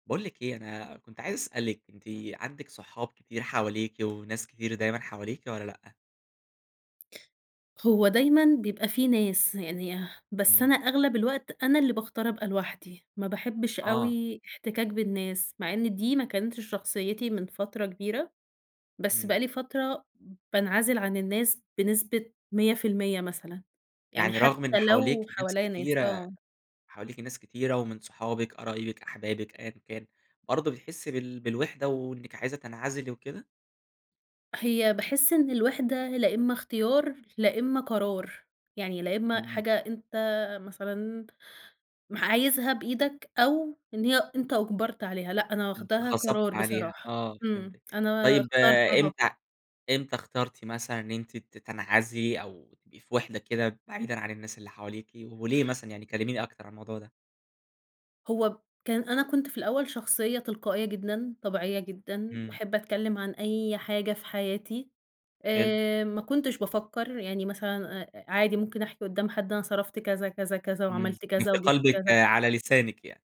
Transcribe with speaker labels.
Speaker 1: باقول لِك إيه، أنا كنت عايز أسألِك أنتِ عندِك صحاب كتير حواليكِ وناس كتير دايمًا حواليكِ والَّا لأ؟
Speaker 2: هو دايمًا بيبقى في ناس، يعني بس
Speaker 1: إمم.
Speaker 2: أنا أغلب الوقت أنا اللي باختار أبقى لوحدي، ما باحبش
Speaker 1: آه.
Speaker 2: أوي احتكاك بالناس، مع إن دي ما كانتش شخصيتي من فترة كبيرة، بس بقى
Speaker 1: إمم.
Speaker 2: لي فترة بانعزل عن الناس بنسبة 100% مثلًا يعني
Speaker 1: يعني
Speaker 2: حتى
Speaker 1: رغم إن حواليكِ
Speaker 2: لو
Speaker 1: ناس
Speaker 2: حواليّا ناس،
Speaker 1: كتيرة
Speaker 2: آه.
Speaker 1: حواليكِ ناس كتيرة ومن صحابِك، قرايبِك، أحبابِك، أيًا كان، برضه بتحسي بال بالوحدة وإنِك عايزة تنعزلي وكده؟
Speaker 2: هي باحس إن الوحدة لإمّا اختيار لإمّا قرار، يعني لإمّا
Speaker 1: امم.
Speaker 2: حاجة أنت مثلًا م عايزها بإيدك أو إن هي أنت أُجبرت عليها، لأ، أنا واخدها
Speaker 1: اتغصبتي
Speaker 2: قرار
Speaker 1: عليها،
Speaker 2: بصراحة،
Speaker 1: آه
Speaker 2: امم،
Speaker 1: فهمتِك،
Speaker 2: أنا
Speaker 1: طيب
Speaker 2: اخترتها.
Speaker 1: إمتى إمتى اخترتِ مثلًا إن أنتِ ت تنعزلي أو تبقي في وحدة كده بعيدًا عن الناس اللي حواليكِ، وليه مثلًا يعني كلميني أكتر عن الموضوع ده؟
Speaker 2: هو كان أنا كنت في الأول شخصية تلقائية جدًا، طبيعية جدًا،
Speaker 1: إمم.
Speaker 2: باحب أتكلم عن أي حاجة في حياتي
Speaker 1: حلو.
Speaker 2: آآ، ما كنتش بافكّر يعني مثلًا عادي ممكن أحكي قُدّام حد أنا صرفت كذا، كذا، كذا
Speaker 1: امم،
Speaker 2: وعملت
Speaker 1: اللي
Speaker 2: كذا
Speaker 1: في
Speaker 2: وجِبت
Speaker 1: قلبِك
Speaker 2: كذا.
Speaker 1: على لسانِك يعني.